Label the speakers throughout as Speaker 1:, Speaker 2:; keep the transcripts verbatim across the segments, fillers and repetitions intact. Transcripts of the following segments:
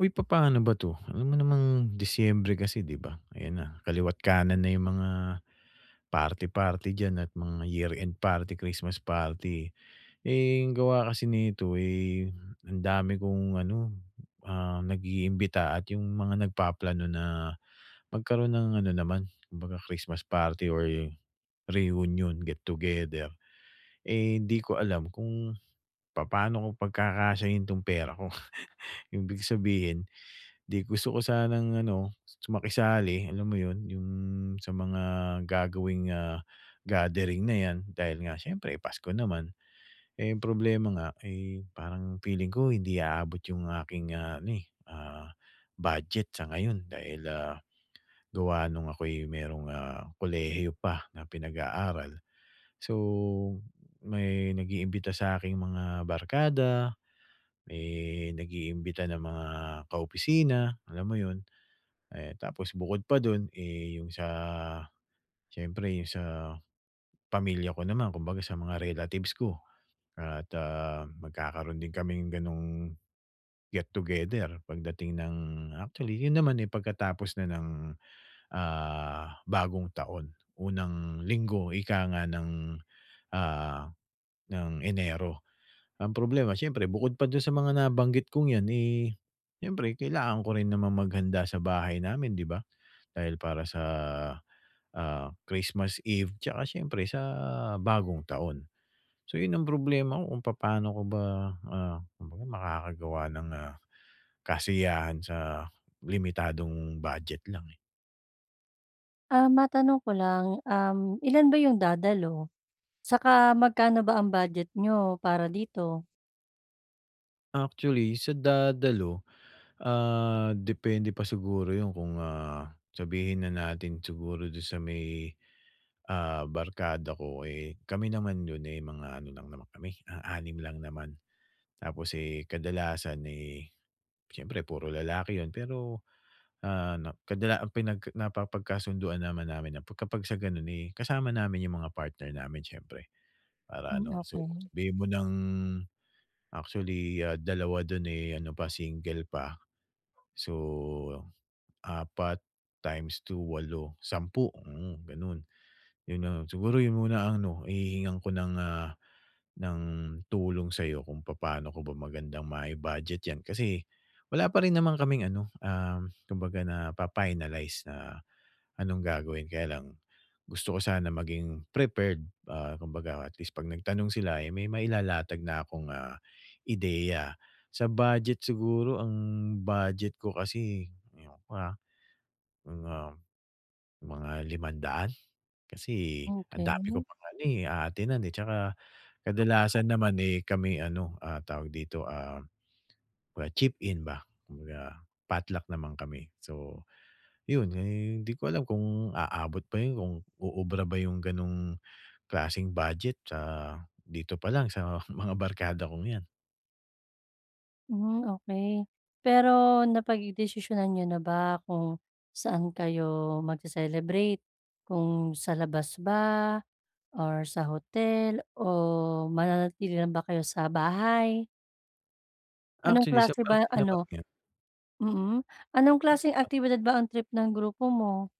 Speaker 1: Uy, papa'no ba 'to? Alam mo namang Disyembre kasi, 'di ba? Ayan na, kaliwa't kanan na 'yong mga party-party dyan at mga year-end party, Christmas party. Eh, gawa kasi nito, eh, ang dami kong ano, ah, nag-iimbita at 'yong mga nagpaplano na magkaroon ng ano naman, kumbaga Christmas party or reunion get-together. Eh, hindi ko alam kung, papano ko pagkakasiyahin 'tong pera ko. Ibig sabihin hindi, gusto ko sanang ano su makisali, alam mo 'yon, 'yong sa mga gagawing, ah, gathering na 'yan dahil nga siyempre pasko naman. Eh, ang problema nga, eh, parang feeling ko hindi aabot 'yong aking, ah, ano, eh, ah, budget sa ngayon dahil, ah, gawa no'ng ako'y mayro'ng, ah, kolehiyo pa na pinag-aaral. So, may nag-iimbita sa aking mga barkada, may nag-iimbita ng mga kaopisina, alam mo 'yon, eh, tapos bukod pa do'n, eh, 'yong sa siyempre 'yong sa pamilya ko naman, kumbaga sa mga relatives ko. At, ah, magkakaro'n din kaming gano'ng get together pagdating ng actually 'yon naman, eh, pagkatapos na ng, ah, bagong taon, unang linggo ika nga ng, ah, ng Enero. Ang problema siyempre bukod pa do'n sa mga nabanggit kong 'yan, eh, siyempre kailangan ko rin namang maghanda sa bahay namin, 'di ba. Dahil para sa, ah, Christmas Eve 'tsaka siyempre sa Bagong Taon. So 'yon ang problema ko kung papano ko ba, ah, kumbaga makakagawa ng, ah, kasiyahan sa limitadong budget lang, eh.
Speaker 2: Ah, matanong ko lang, um, ilan ba 'yong dadalo? 'Saka magkano ba ang budget niyo para dito?
Speaker 1: Actually sa dadalo, ah, depende pa siguro 'yon kung, ah, sabihin na natin siguro do'n sa may, ah, barkada ko, eh, kami naman 'yon, eh, mga ano lang naman kami, ah, anim lang naman. Tapos, eh, kadalasan, eh, siyempre puro lalaki 'yon pero, ah, nap kadala ang pinag napapagkasunduan naman namin na 'pagka sa gano'n, eh, kasama namin 'yong mga partner namin siyempre para
Speaker 2: Hmm,
Speaker 1: ano So
Speaker 2: okay.
Speaker 1: sabihin mo ng actually dalawa do'n, eh, ano pa single pa, so, apat times two walo, sampu, mm, gano'n. 'Yon na siguro 'yon muna ang ano hihihingan ko ng, ah, ng tulong sa'yo kung papano ko ba magandang mai-budget 'yan kasi, wala pa rin naman kaming ano um, kumbaga napa-finalize na anong gagawin. Kaya lang gusto ko sana maging prepared, ah, kumbaga atleast kapag nagtanong sila, eh, may mailalatag na akong, ah, ideya. Sa budget siguro, ang budget ko kasi ayon pa, mga mga limang daan kasi ang dami ko
Speaker 2: Okay.
Speaker 1: pang ano, eh, a-attend-nan, eh. At tsaka kadalasan naman, eh, kami ano, ah, tawag dito, ah, cheap in ba, kumbaga potluck naman kami. So 'yon, eh, hindi ko alam kung aabot ba 'yon, kung uubra ba 'yong ganong klaseng budget sa dito pa lang sa mga barkada kong yan.
Speaker 2: Hmm, okey pero napagdesisyonan niyo na ba kung saan kayo magce-celebrate, kung sa labas ba or sa hotel, o mananatili lang ba kayo sa bahay? Anong
Speaker 1: Actually, sa
Speaker 2: klase
Speaker 1: parte
Speaker 2: ba
Speaker 1: namang
Speaker 2: ano
Speaker 1: yun
Speaker 2: mm, anong klaseng
Speaker 1: [unintelligible]
Speaker 2: aktibidad ba ang trip ng grupo mo?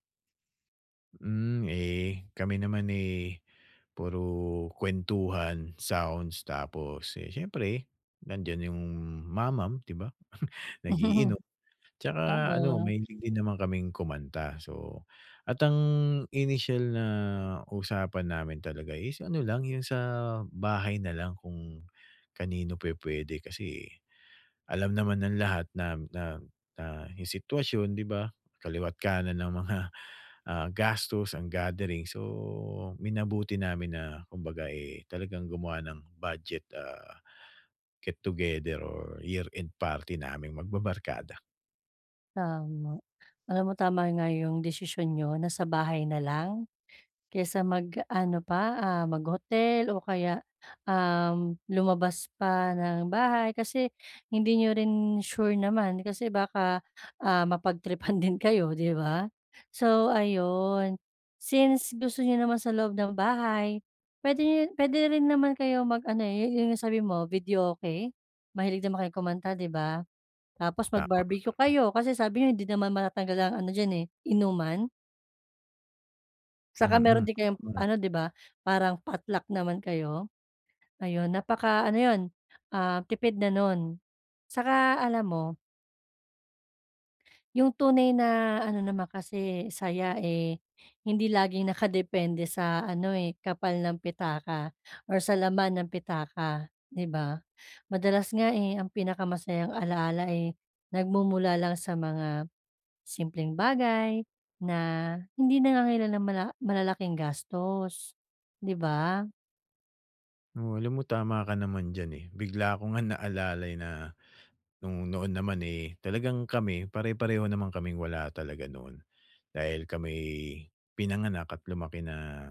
Speaker 1: Hmm, eh, kami naman eh, puro kwentuhan, sounds tapos eh, siyempre nandiyan yung mamam, 'di ba? Nag-iinom tsaka ano,
Speaker 2: Oo.
Speaker 1: mahilig din naman kaming kumanta. So, at ang initial na usapan namin talaga is ano lang, yung sa bahay nalang kung kanino pwe-puwede kasi eh, alam naman ng lahat na na na yung sitwasyon, 'di ba? Kaliwat-kanan ang mga, ah, gastos, ang gathering so minabuti namin na kumbaga eh, talagang gumawa ng budget ah, get together or year-end party naming magbabarkada.
Speaker 2: Tama. Alam mo tama nga 'yong desisyon niyo nasa bahay na lang, kaysa mag-ano pa, ah, mag-hotel o kaya, um, lumabas pa ng bahay kasi hindi n'yo rin sure naman kasi baka, ah, mapag-tripan din kayo, 'di ba? So ayun, since gusto n'yo naman sa loob ng bahay puwede nyo puwede rin naman kayo mag-ano eh, yo 'yong sabi mo, videoke? Mahilig din naman kayo kumanta, 'di ba? Tapos
Speaker 1: Tama,
Speaker 2: mag-barbecue
Speaker 1: mm.
Speaker 2: kayo kasi sabi nyo hindi naman matatanggal ang ano diyan eh, inuman. 'Tsaka meron
Speaker 1: Mm,
Speaker 2: din kayong,
Speaker 1: [unintelligible]
Speaker 2: ano 'di ba, parang potluck naman kayo. Ayon, napaka-ano 'yon, ah, tipid na no'n. Saka alam mo 'yong tunay na ano naman kasi saya, eh, hindi laging nakadepende sa ano, eh, kapal ng pitaka or sa laman ng pitaka, 'di ba? Madalas nga, eh, ang pinakamasayang alaala, eh, nagmumula lang sa mga simpleng bagay, na hindi nangangailangan ng mala malalaking gastos, 'di ba?
Speaker 1: Oo, alam mo tama ka naman diyan, eh. Bigla ko nga naalalay na no'ng noon naman, eh, talagang kami pare-pareho naman kaming wala talaga noon. Dahil kami'y pinanganak at lumaki na,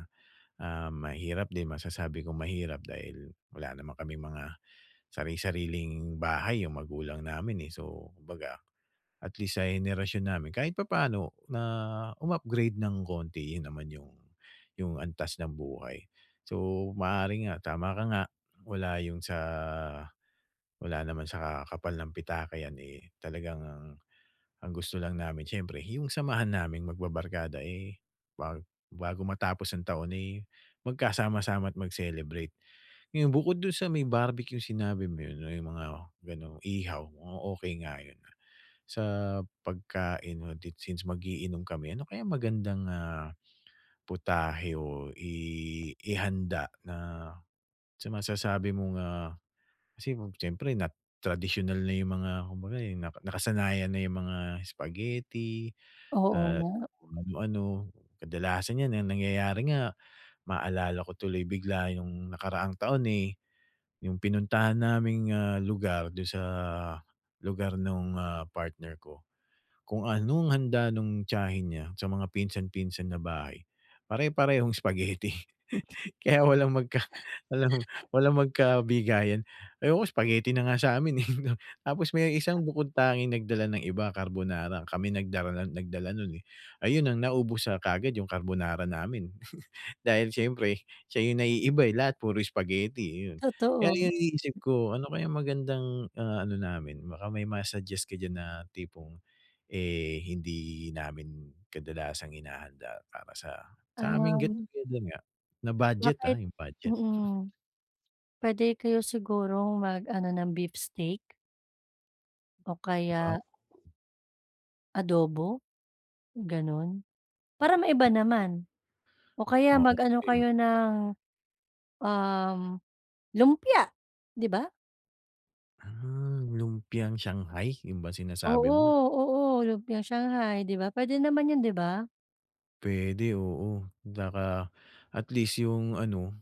Speaker 1: ah, mahirap din, masasabi kong mahirap dahil wala naman kaming mga sari-sariling bahay 'yong magulang namin, eh. So kumbaga, at least sa henerasyon namin, kahit papano na um-upgrade ng konti rin naman 'yong 'yong antas ng buhay. So maaari nga, tama ka nga, wala 'yong sa wala naman sa kapal ng pitaka 'yan, eh, talagang ang ang gusto lang namin syempre 'yong samahan naming magbabarkada, eh, bag bago matapos ang taon, eh, magkasama-sama at mag-celebrate. Ngayon, bukod do'n sa may barbecue sinabi mo 'yon, 'no, 'yong mga gano'ng ihaw, mukhang okey nga 'yon, ah. Sa pagkain o dit since mag-iinom kami, ano kaya magandang, ah, putahe o i ihanda na sa masasabi mo nga kasi mo syempre na tradisyunal na 'yong mga kumbaga, eh, naka nakasanayan na 'yong mga spaghetti
Speaker 2: Oo
Speaker 1: at
Speaker 2: nga.
Speaker 1: kung ano. Kadalasan 'yan na nangyayari nga maalala ko tuloy bigla 'yong nakaraang taon, eh, 'yong pinuntahan naming, ah, lugar, do'n sa lugar no'ng, ah, partner ko. Kung anong handa no'ng tiyahin niya, sa mga pinsan-pinsan na bahay, pare-parehong spaghetti. Kaya walang mag ka walang walang magkabigayan. Ayoko, spaghetti na nga sa 'min, eh. Tapos may isang bukod-tanging nagdala ng iba, carbonara, kami nagdara nagdala no'n, eh. Ayun ang naubos, ah, kaagad 'yong carbonara namin. Dahil syempre siya 'yong naiiba, eh, lahat puro spaghetti, eh, iyon. Kaya
Speaker 2: Totoo.
Speaker 1: 'yong iniisip ko ano kaya magandang, ah, ano namin? Baka may ma-suggest ka diyan na tipong, eh, hindi namin kadalasang hinahanda para sa sa aming get
Speaker 2: Um
Speaker 1: together nga, na budget, ah,
Speaker 2: Bakit
Speaker 1: 'yong budget.
Speaker 2: mm. Pwede kayo sigurong mag-ano ng beef steak? O
Speaker 1: 'Di ba.
Speaker 2: kaya adobo? Gano'n, para maiba naman o kaya
Speaker 1: O
Speaker 2: mag ano
Speaker 1: [unintelligible]
Speaker 2: kayo ng, um, lumpia, 'di ba?
Speaker 1: Ah, lumpiang shanghai 'yon ba sinasabi
Speaker 2: Oo,
Speaker 1: mo?
Speaker 2: oo, lumpiang shanghai 'di ba, puwede naman 'yon, 'di ba?
Speaker 1: Puwede, oo, daka atleast 'yong ano,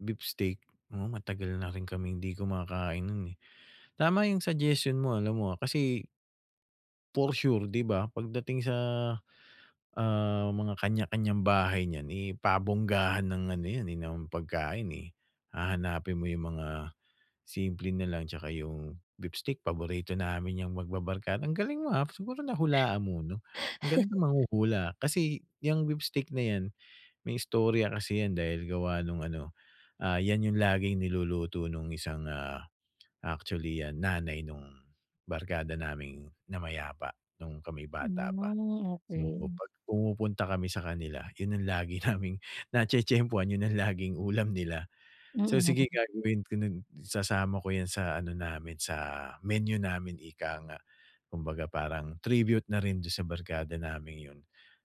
Speaker 1: beef steak. Oo, matagal naring kaming hindi kumakain no'n, eh. Tama 'yong suggestion mo alam mo, ah, kasi for sure 'di ba, pagdating sa, ah, mga kanya-kanyang bahay niyan, eh, pabonggahan ng ano 'yan, eh, ng pagkain, eh. Hahanapin mo 'yong mga simple nalang atsaka 'yong beef steak paborito namin 'yang magbabarkada ang galing mo, ah, siguro nahulaan mo 'no. Ang galing mong manghuhula, kasi 'yang beef steak na 'yan may istorya kasi 'yan dahil gawa no'ng ano, ah, 'yan 'yong laging niluluto no'ng isang, ah, actually, ah, nanay no'ng, barkada naming namayapa no'ng kami bata pa. So
Speaker 2: [unintelligible]
Speaker 1: 'pag pumupunta kami sa kanila 'yon ang lagi naming natye-tyempuhan, 'yon ang laging ulam nila. So, sige
Speaker 2: Mm.
Speaker 1: gagawin ko no'n, sasama ko 'yan sa ano namin, sa menu namin ika nga, kumbaga parang tribute na rin do'n sa barkada naming 'yon.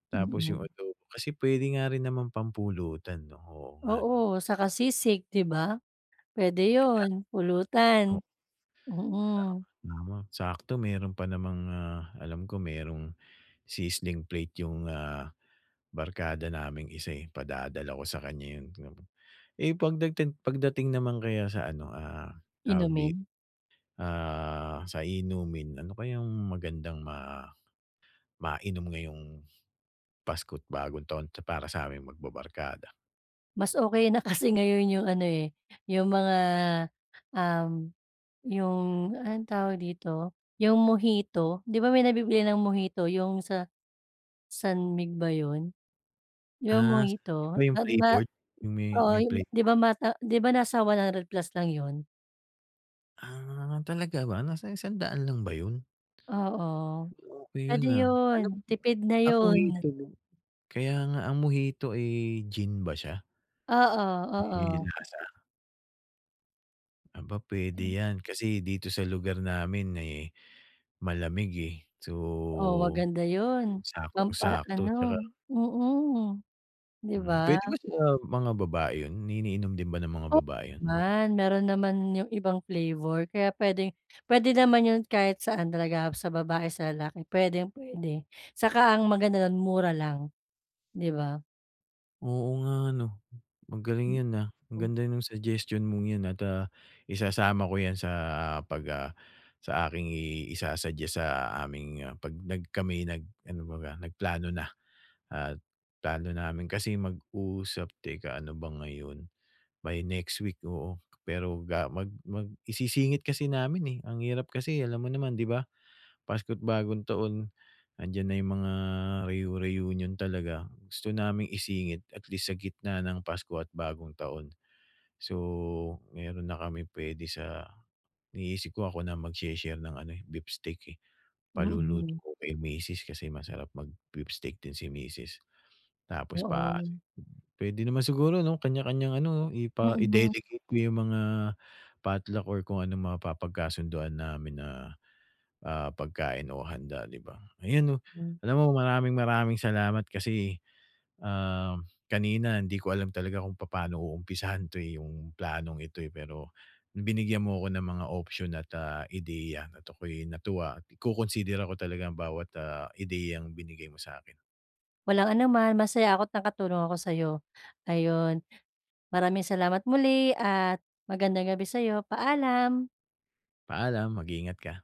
Speaker 1: Tapos
Speaker 2: Mm.
Speaker 1: 'yong adobo kasi puwede nga rin namang pampulutan 'no, oo nga 'no.
Speaker 2: Oo, 'saka sisig, 'di ba? Puwede
Speaker 1: Kaya
Speaker 2: 'yon, pulutan.
Speaker 1: O
Speaker 2: Mm.
Speaker 1: Tama, oo sakto mayro'n pa namang, ah, alam ko merong sizzling plate 'yong, ah, barkada naming isa, eh, padadala ko sa kanya 'yon. [unintelligible] Eh, 'pagdagting pagdating naman kaya sa ano, ah, tawag dito,
Speaker 2: Inumin.
Speaker 1: ah, sa inumin ano kayang magandang ma mainom ngayong Pasko't-Bagong Taon para sa aming magbabarkada?
Speaker 2: Mas okey na kasi ngayon 'yong ano, eh, 'yong mga, um, 'yong anong tawag dito, 'yong mojito. 'Di ba may nabibili ng mojito 'yong sa, San Mig ba 'yon? 'Yong
Speaker 1: Ah, sabi mo
Speaker 2: mojito
Speaker 1: 'yong
Speaker 2: ma ma
Speaker 1: flavored? 'Yong may
Speaker 2: oo,
Speaker 1: may
Speaker 2: 'yong 'di ba
Speaker 1: flavor.
Speaker 2: nasa 'di ba nasa one hundred plus lang 'yon?
Speaker 1: Ah, talaga ba? Nasa isang daan lang ba 'yon?
Speaker 2: Oo,
Speaker 1: Okey 'yon,
Speaker 2: puwede
Speaker 1: ah.
Speaker 2: 'yon.
Speaker 1: Ano
Speaker 2: Tipid na
Speaker 1: ang
Speaker 2: 'yon.
Speaker 1: mojito rin kaya nga ang mojito, eh, gin ba siya?
Speaker 2: Oo,
Speaker 1: May
Speaker 2: oo.
Speaker 1: lasa? Aba, puwede 'yan. Kasi dito sa lugar namin, eh, malamig, eh, so
Speaker 2: Oh, maganda 'yon,
Speaker 1: saktong sakto 'tsaka
Speaker 2: pampa-ano mm. 'Di
Speaker 1: Hmm.
Speaker 2: ba?
Speaker 1: Puwede ba sa mga babae 'yon. Ni ininom din ba ng mga
Speaker 2: O
Speaker 1: babae 'yon?
Speaker 2: naman. Mayro'n naman 'yong ibang flavor kaya puwedeng puwede naman 'yon kahit saan talaga, sa babae, sa lalaki, puwedeng puwede. Saka ang maganda do'n mura lang, 'di ba?
Speaker 1: Oo nga, 'no.
Speaker 2: Hmm,
Speaker 1: Magaling 'yon, ah. Ang
Speaker 2: o
Speaker 1: ganda no'ng suggestion mong 'yon at, ah, isasama ko 'yan sa pag ah, sa aking i isa-suggest sa aming, ah, 'pag nag kami'y nag ano baga, nagplano na at plano namin kasi mag-usap Teka, ano ba ngayon? By next week, oo pero ga mag mag isisingit kasi namin, eh. Ang hirap kasi alam mo naman, 'di ba? Pasko't Bagong Taon. 'Andiyan na mga reu-reunion talaga. Gusto naming isingit at least sa gitna ng Pasko at Bagong Taon. So mayro'n na kaming puwede sa iniisip ko ako na magshe-share ng ano, eh, beef steak, eh. Paluluto
Speaker 2: Mm.
Speaker 1: ko kay Misis, kasi masarap mag-beef steak din si Misis. Tapos pa
Speaker 2: Oo.
Speaker 1: puwede naman siguro, 'no, kaniya-kaniyang ano, oh, ipa
Speaker 2: Mm.
Speaker 1: i-delegate ko 'yong mga potluck or kung anong mapapagkasunduan namin na, ah, pagkain o handa, 'di ba. Ayun, oh,
Speaker 2: Hmm.
Speaker 1: alam mo, maraming maraming salamat kasi, ah, kanina hindi ko alam talaga kung papano uumpisahan 'to, eh, 'yong planong ito, eh, pero binigyan mo ko ng mga option at, ah, ideya at ako'y natuwa at iko-consider ko talaga bawat, ah, ideyang binigay mo sa 'kin.
Speaker 2: Walang anuman. Masaya ako't nakatulong ako sa 'yo. Ayun. Maraming salamat muli at magandang gabi sa 'yo. Paalam.
Speaker 1: Paalam. Mag-ingat ka.